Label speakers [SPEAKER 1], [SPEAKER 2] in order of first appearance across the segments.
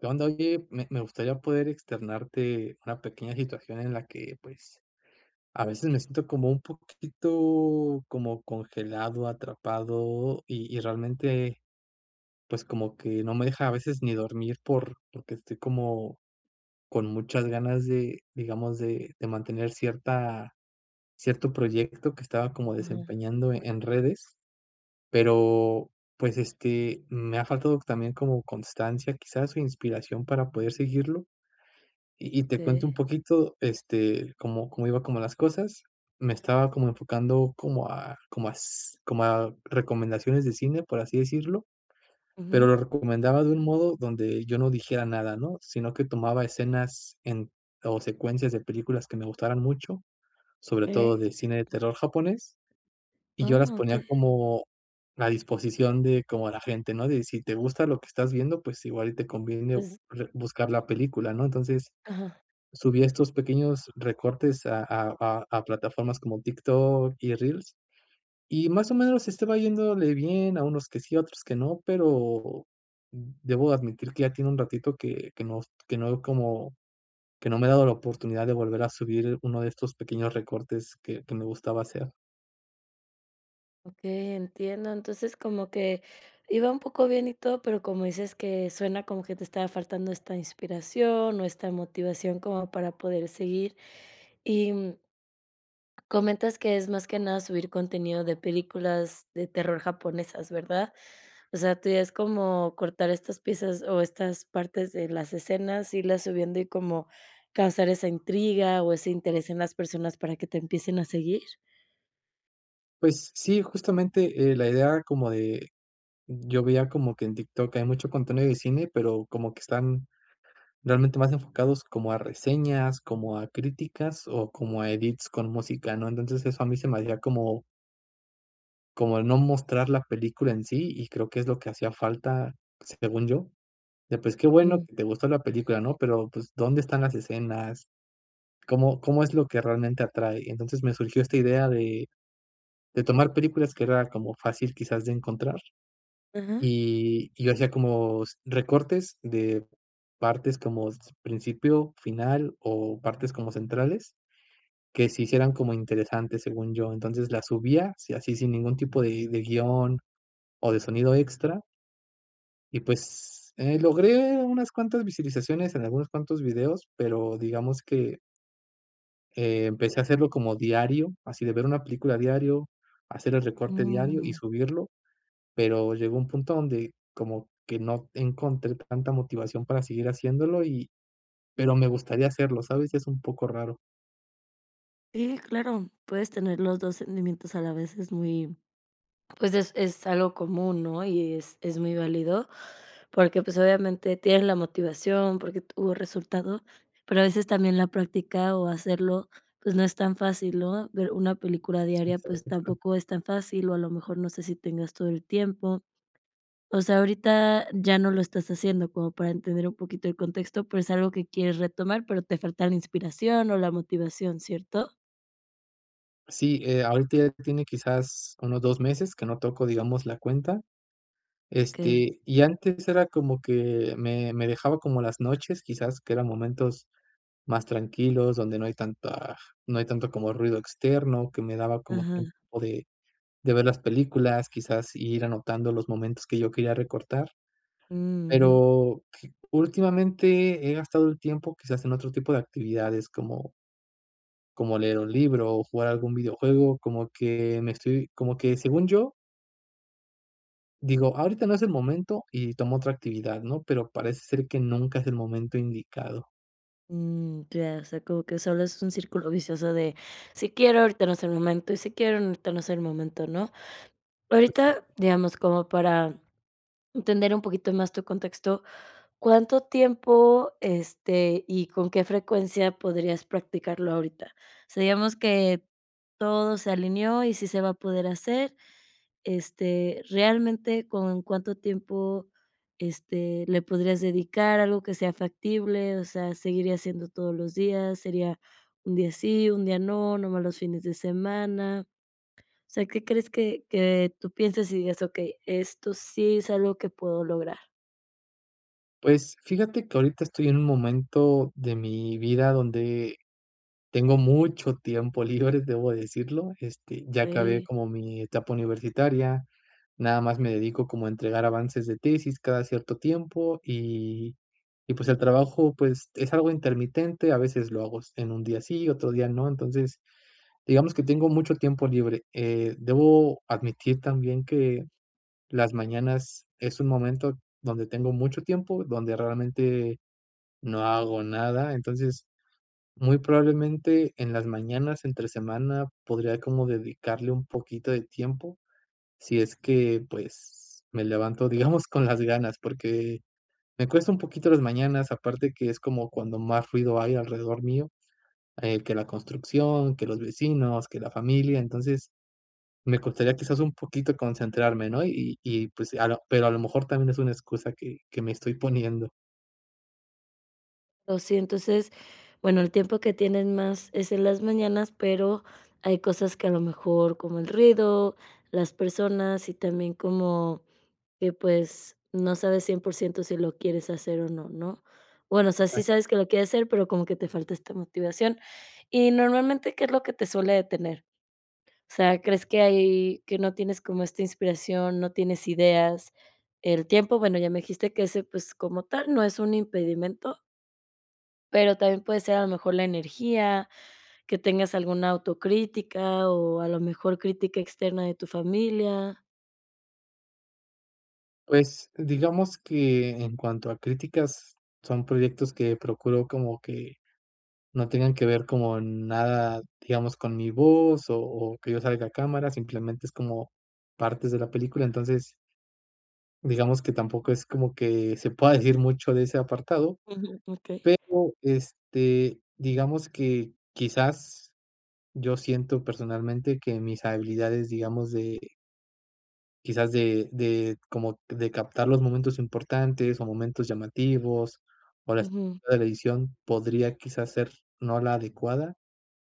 [SPEAKER 1] ¿Qué onda? Oye, me me gustaría poder externarte una pequeña situación en la que, pues, a veces me siento como un poquito como congelado, atrapado y y realmente, pues como que no me deja a veces ni dormir por porque estoy como con muchas ganas de digamos de de mantener cierta cierto proyecto que estaba como
[SPEAKER 2] Ajá.
[SPEAKER 1] desempeñando en redes, pero pues, este, me ha faltado también como constancia quizás o inspiración para poder seguirlo y y te cuento
[SPEAKER 2] Okey.
[SPEAKER 1] un poquito, este, cómo cómo iba como las cosas. Me estaba como enfocando como a como as como a recomendaciones de cine, por así decirlo, pero
[SPEAKER 2] Ujú.
[SPEAKER 1] lo recomendaba de un modo donde yo no dijera nada, ¿no?, sino que tomaba escenas en o secuencias de películas que me gustaran mucho, sobre todo
[SPEAKER 2] Okey.
[SPEAKER 1] de cine de terror japonés, y yo las
[SPEAKER 2] Ah.
[SPEAKER 1] ponía
[SPEAKER 2] Okey.
[SPEAKER 1] como a disposición de como a la gente, ¿no?, de: "Si te gusta lo que estás viendo pues igual y te conviene
[SPEAKER 2] Pues.
[SPEAKER 1] re buscar la película", ¿no?, entonces
[SPEAKER 2] Ajá.
[SPEAKER 1] subí estos pequeños recortes a a a plataformas como TikTok y Reels y más o menos estaba yéndole bien a unos que sí, otros que no, pero debo admitir que ya tiene un ratito que que no que no veo como que no me he dado la oportunidad de volver a subir 1 de estos pequeños recortes que que me gustaba hacer.
[SPEAKER 2] Okey, entiendo, entonces como que iba un poco bien y todo, pero como dices que suena como que te estaba faltando esta inspiración o esta motivación como para poder seguir y, comentas que es más que nada subir contenido de películas de terror japonesas, ¿verdad? O sea, ¿tú ya es como cortar estas piezas o estas partes de las escenas, irlas subiendo y como causar esa intriga o ese interés en las personas para que te empiecen a seguir?
[SPEAKER 1] Pues sí, justamente eh, la idea como de yo veía como que en TikTok hay mucho contenido de cine pero como que están realmente más enfocados como a reseñas, como a críticas o como a edits con música, ¿no? Entonces eso a mí se me hacía como como el no mostrar la película en sí y creo que es lo que hacía falta según yo. De, pues qué bueno
[SPEAKER 2] Ujú.
[SPEAKER 1] que te gustó la película, ¿no? Pero pues, ¿dónde están las escenas? ¿Cómo cómo es lo que realmente atrae? Entonces me surgió esta idea de de tomar películas que era como fácil quizás de encontrar.
[SPEAKER 2] Ajá.
[SPEAKER 1] Y y hacía como s recortes de partes como principio, final o partes como centrales, que se hicieran como interesantes según yo. Entonces las subía, sí así sin ningún tipo de de guion o de sonido extra. Y pues eh, logré unas cuantas visualizaciones en algunos cuantos videos, pero digamos que empecé a hacerlo como diario, así de ver una película diario, hacer el recorte diario y
[SPEAKER 2] Mm.
[SPEAKER 1] subirlo. Pero llegó un punto donde como que no encontré tanta motivación para seguir haciéndolo y pero me gustaría hacerlo, ¿sabes?, y es un poco raro.
[SPEAKER 2] Sí, claro, puedes tener los 2 sentimientos a la vez, es muy, pues, es es algo común, ¿no? Y es es muy válido porque, pues, obviamente tienes la motivación porque tuvo resultado, pero a veces también la práctica o hacerlo, pues, no es tan fácil, ¿no? Ver una película
[SPEAKER 1] Sí,
[SPEAKER 2] diaria,
[SPEAKER 1] sabe
[SPEAKER 2] pues
[SPEAKER 1] está
[SPEAKER 2] tampoco es tan fácil o a lo mejor no sé si tengas todo el tiempo. O sea, ahorita ya no lo estás haciendo como para entender un poquito el contexto, pero es algo que quieres retomar, pero te falta la inspiración o la motivación, ¿cierto?
[SPEAKER 1] Sí, eh, ahorita ya tiene quizás unos 2 meses que no tocó, digamos, la cuenta.
[SPEAKER 2] Okey.
[SPEAKER 1] Este, y antes era como que me me dejaba como las noches, quizás, que eran momentos más tranquilos, donde no hay tanta no hay tanto como ruido externo, que me daba como tiempo
[SPEAKER 2] Ajá.
[SPEAKER 1] de de ver las películas, quizás ir anotando los momentos que yo quería recortar,
[SPEAKER 2] Mm, ujú.
[SPEAKER 1] pero últimamente he gastado el tiempo que se hacen otro tipo de actividades como como leer un libro o jugar algún videojuego, como que me estoy como que según yo digo, ahorita no es el momento y tomo otra actividad, ¿no? Pero parece ser que nunca es el momento indicado.
[SPEAKER 2] Mm, ya. O sea, como que solo es un círculo vicioso de si quiero, ahorita no es el momento y si quiero, ahorita no es el momento, ¿no? Ahorita,
[SPEAKER 1] Exacto.
[SPEAKER 2] digamos, como para entender un poquito más tu contexto, ¿cuánto tiempo, este, y con qué frecuencia podrías practicarlo ahorita? Sabíamos que todo se alineó y sí se va a poder hacer. Este, realmente, ¿con cuánto tiempo, este, le podrías dedicar, algo que sea factible, o sea, seguiría siendo todos los días, sería un día sí, un día no, nomás los fines de semana? O sea, ¿qué crees que que tú pienses y digas: "Okey, esto sí es algo que puedo lograr"?
[SPEAKER 1] Pues fíjate que ahorita estoy en un momento de mi vida donde tengo mucho tiempo libre, debo decirlo, este, ya acabé
[SPEAKER 2] Eh.
[SPEAKER 1] como mi etapa universitaria, nada más me dedico como a entregar avances de tesis cada cierto tiempo y y pues el trabajo pues es algo intermitente, a veces lo hago s en un día sí, otro día no, entonces, digamos que tengo mucho tiempo libre, eh, debo admitir también que las mañanas es un momento donde tengo mucho tiempo, donde realmente no hago nada, entonces muy probablemente en las mañanas entre semana podría como dedicarle un poquito de tiempo si es que, pues me levanto, digamos, con las ganas, porque me cuesta un poquito las mañanas, aparte que es como cuando más ruido hay alrededor mío, eh, que la construcción, que los vecinos, que la familia, entonces me costaría quizás un poquito concentrarme, ¿no?, y y pues a lo pero a lo mejor también es una excusa que que me estoy poniendo.
[SPEAKER 2] Oh, sí entonces, bueno, el tiempo que tienen más es en las mañanas, pero hay cosas que a lo mejor como el ruido, las personas y también como que pues no sabes 100% si lo quieres hacer o no, ¿no?, bueno, o sea, sí
[SPEAKER 1] Ajá.
[SPEAKER 2] sabes que lo quieres hacer pero como que te falta esta motivación y normalmente, ¿qué es lo que te suele detener?, o sea, crees que ahí que no tienes como esta inspiración, no tienes ideas, el tiempo, bueno ya me dijiste que ese pues, como tal no es un impedimento. Pero también puede ser a lo mejor la energía, que tengas alguna autocrítica, o a lo mejor crítica externa de tu familia.
[SPEAKER 1] Pues, digamos que en cuanto a críticas son proyectos que procuro como que no tengan que ver como nada, digamos con mi voz o o que yo salga a cámara simplemente es como partes de la película, entonces digamos que tampoco es como que se pueda decir mucho de ese apartado,
[SPEAKER 2] Ujú, okey.
[SPEAKER 1] pero, este, digamos que quizás yo siento personalmente que mis habilidades, digamos de quizás de de como de captar los momentos importantes o momentos llamativos o las
[SPEAKER 2] Ujù.
[SPEAKER 1] de la edición podría quizás ser no la adecuada,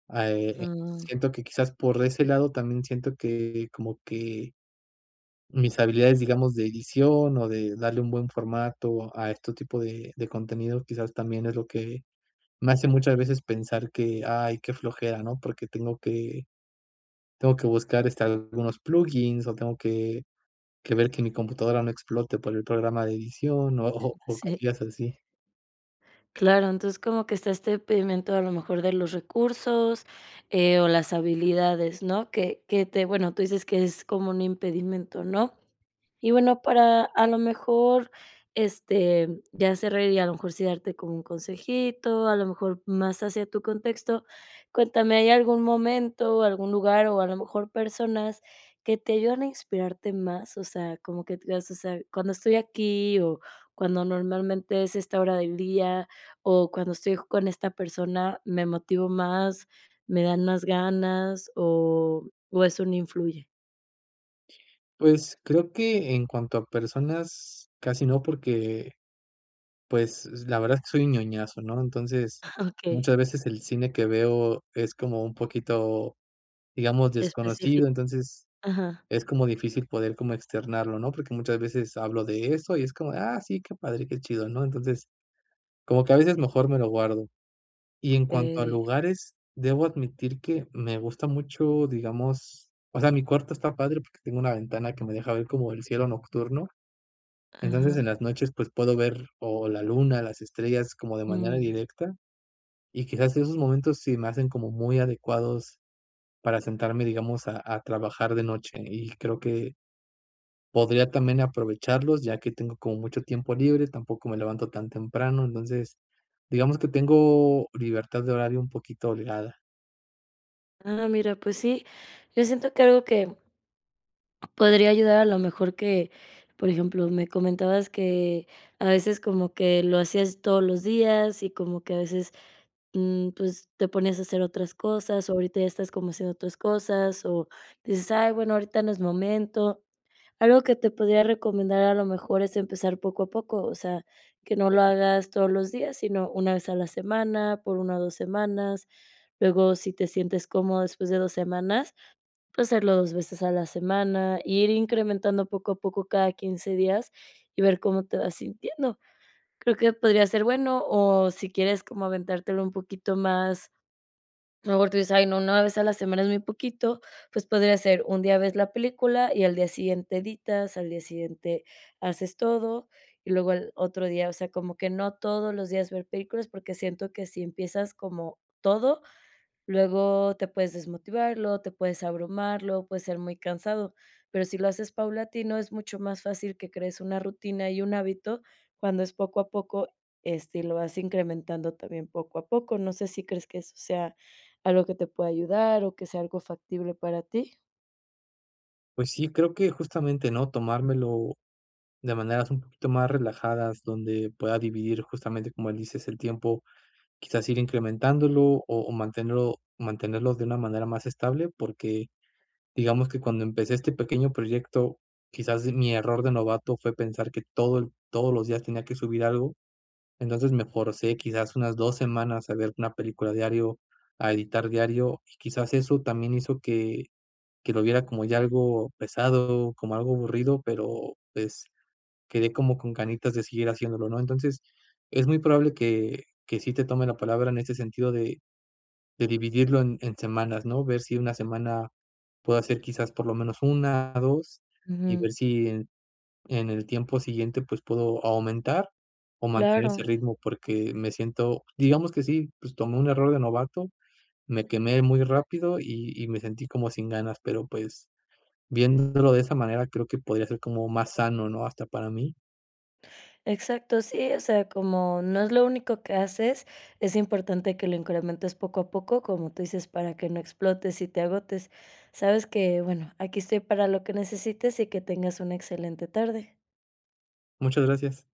[SPEAKER 1] ah, eh,
[SPEAKER 2] Ah.
[SPEAKER 1] siento que quizás por ese lado también siento que como que mis habilidades, digamos, de edición o de darle un buen formato a este tipo de de contenido quizás también es lo que me hace muchas veces pensar que: "Ay, qué flojera", ¿no?, porque tengo que tengo que buscar, este, algunos plugins o tengo que que ver que mi computadora no explote para el programa de edición o o o
[SPEAKER 2] Sí.
[SPEAKER 1] cosillas así.
[SPEAKER 2] Claro, entonces como que está este impedimento a lo mejor de los recursos, eh, o las habilidades, ¿no?, que que te bueno, tú dices que es como un impedimento, ¿no?, y bueno, para a lo mejor, este, ya cerrar y a lo mejor sí darte como un consejito, a lo mejor más hacia tu contexto, cuéntame, ¿hay algún momento o algún lugar o a lo mejor personas que te ayudan a inspirarte más?, o sea, como que t mas, ó sea, cuando estoy aquí o cuando normalmente es esta hora del día o cuando estoy con esta persona, ¿me motivo más, me dan más ganas o o eso no influye?
[SPEAKER 1] Pues, creo que en cuanto a personas casi no porque, pues, la verdad es que soy ñoñazo, ¿no?, entonces,
[SPEAKER 2] Okey.
[SPEAKER 1] muchas veces el cine que veo es como un poquito, digamos
[SPEAKER 2] Especifi
[SPEAKER 1] desconocido, entonces,
[SPEAKER 2] Ajá.
[SPEAKER 1] es como difícil poder como externarlo, ¿no?, porque muchas veces hablo de eso y es como: "Ah, sí que padre que chido", ¿no?, entonces, como que a veces mejor me lo guardo, y en cuanto a
[SPEAKER 2] Eh.
[SPEAKER 1] lugares, debo admitir que me gusta mucho digamos, o sea, mi cuarto está padre porque tengo una ventana que me deja ver como el cielo nocturno, entonces,
[SPEAKER 2] Ajá.
[SPEAKER 1] en las noches pues, puedo ver o la luna las estrellas como de manera
[SPEAKER 2] Mm.
[SPEAKER 1] directa, y quizás esos momentos sí me hacen como muy adecuados para sentarme digamos a a trabajar de noche y creo que podría también aprovecharlos ya que tengo como mucho tiempo libre, tampoco me levanto tan temprano, entonces, digamos que tengo libertad de horario un poquito holgada.
[SPEAKER 2] Ah, mira, pues sí, yo siento que algo que podría ayudar a lo mejor que, por ejemplo, me comentabas que a veces como que lo hacías todos los días y como que a veces, mm, pues, te ponías a hacer otras cosas, ahorita ya estás como haciendo otras cosas o dices: "Ay bueno ahorita no es momento", algo que te podría recomendar a lo mejor es empezar poco a poco, o sea, que no lo hagas todos los días, sino una vez a la semana, por 1 o 2 semanas, luego si te sientes cómodo después de 2 semanas, pues, hacerlo 2 veces a la semana, ir incrementando poco a poco cada 15 días y ver cómo te vas sintiendo. Creo que podría ser bueno o si quieres como aventártelo un poquito más a lo mejor tú dices: "Ay, no, una vez a la semana es muy poquito", pues, podría ser un día ves la película y al día siguiente editas, al día siguiente haces todo y luego el otro día, o sea, como que no todos los días ver películas, porque siento que si empiezas como todo, luego te puedes desmotivar, luego te puedes abrumar, luego puedes ser muy cansado, pero si lo haces paulatino, es mucho más fácil que crees una rutina y un hábito, cuando es poco a poco, este, y lo vas incrementando también poco a poco. No sé, ¿si crees que eso sea algo que te pueda ayudar, o que sea algo factible para ti?
[SPEAKER 1] Pues sí, creo que justamente, ¿no?, tomármelo. de maneras un poquito más relajadas, donde pueda dividir justamente, como dices, el tiempo, quizás ir incrementándolo, o o mantenerlo mantenerlos de una manera más estable, porque, digamos que cuando empecé este pequeño proyecto, quizás mi error de novato fue pensar que todo el todos los días tenía que subir algo, entonces me forcé, quizás unas 2 semanas a ver 1 película diario, a editar diario y quizás eso también hizo que que lo viera como ya algo pesado, como algo aburrido, pero, pues, quedé como con ganitas de seguir haciéndolo, ¿no?, entonces, es muy probable que que sí te tome la palabra en este sentido de de dividirlo en en semanas, ¿no?, ver si 1 semana puedo hacer quizás por lo menos 1 2, y
[SPEAKER 2] Ujú.
[SPEAKER 1] ver si en en el tiempo siguiente, pues, puedo o aumentar o mantener ese
[SPEAKER 2] Claro.
[SPEAKER 1] ritmo, porque me siento, digamos que sí, pues, tomé un error de novato, me quemé muy rápido y y me sentí como sin ganas, pero, pues, viéndolo de esa manera creo que podría ser como más sano, ¿no?, hasta para mí.
[SPEAKER 2] Exacto, sí, o sea, como no es lo único que haces, es importante que lo incrementes poco a poco, como tú dices, para que no explotes y te agotes. Sabes que, bueno, aquí estoy para lo que necesites y que tengas una excelente tarde.
[SPEAKER 1] Muchas gracias.